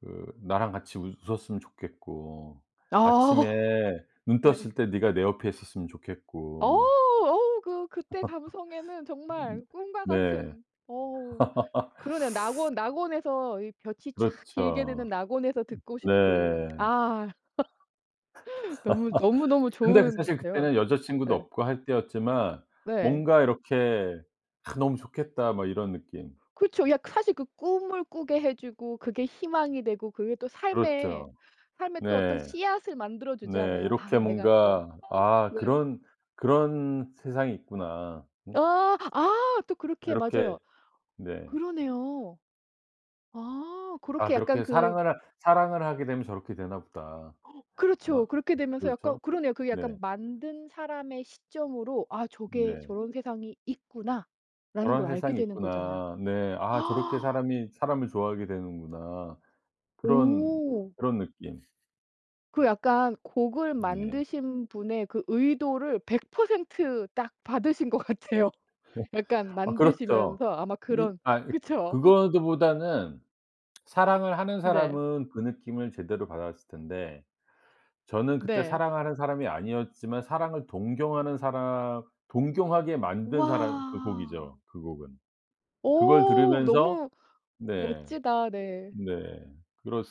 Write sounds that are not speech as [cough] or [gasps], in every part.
그 나랑 같이 웃 웃었으면 좋겠고 아. 아침에 눈 네. 떴을 때 네가 내 옆에 있었으면 어 좋겠고 어 그 그때 감성에는 [laughs] 음 정말 꿈과 네. 같은 어 [laughs] 그러네요. 낙원 낙원에서 이 볕이 촥 길게 드는 그렇죠. 낙원에서 듣고 싶은 네. 아 [laughs] 너무 너무, 너무 [laughs] 근데 그 사실 좋은데요. 그때는 여자 친구도 네. 없고 할 때였지만 네. 뭔가 이렇게 '아 너무 좋겠다.' 막 이런 느낌. 그쵸. 약 사실 그 꿈을 꾸게 해 주고 그게 희망이 되고 그게 또 삶의 그렇죠. 삶의 또 어떤 네. 씨앗을 만들어 네. 주잖아요. 아 이렇게 내가 또 뭔가 '아 아 네. 그런 그런 세상이 있구나.' 음. 아 아 또 그렇게 이렇게 맞아요. 네. 그러네요. 아 '아 그렇게 약간 그렇게 그 사랑을 하 사랑을 하게 되면 저렇게 되나 보다.' 그렇죠. 뭐 그렇게 되면서 약간 그렇죠. 그러네요. 그게 네. 약간 만든 사람의 시점으로 '아 저게 네. 저런 세상이 있구나.'라는 걸 '저런 알게 세상이 되는 거잖아요. 있구나.' 네 '아 저렇게 [gasps] 사람이 사람을 좋아하게 되는구나.' 그런 오. 그런 느낌. 그 약간 곡을 네. 만드신 분의 그 의도를 100% 딱 받으신 것 같아요. 약간 [laughs] 아 그렇죠. 만드시면서 아마 이 그런 아이 그쵸? [laughs] 그거보다는 사랑을 하는 네. 사람은 그 느낌을 제대로 받았을 텐데 저는 그때 네. 사랑하는 사람이 아니었지만 사랑을 동경하는 사람 동경하게 만든 사람 그 곡이죠, 와. 그 곡은. 그걸 어 들으면서 너무 네 멋지다. 네. 네 그렀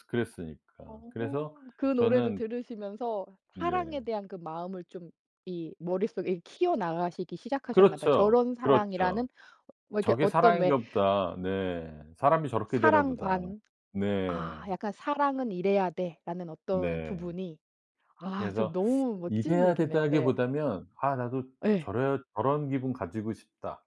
어 그랬으니까 그래서 그 노래를 저는 들으시면서 사랑에 네. 대한 그 마음을 좀 이 머릿속에 키워 나가시기 시작하셨나 봐. 그렇죠. 저런 사랑이라는 그렇죠. 어 뭐 이렇게 '저게 어떤 왜 사랑인가 보다.' 네. '사람이 저렇게 되나 보다.' 사랑관 네. 아 약간 '사랑은 이래야 돼.'라는 어떤 네. 부분이 아 좀 그래서 너무 멋진 이래야 얘기네요. 네. 된다기보다는 '아 나도 예. 저래야 저런 기분 가지고 싶다.'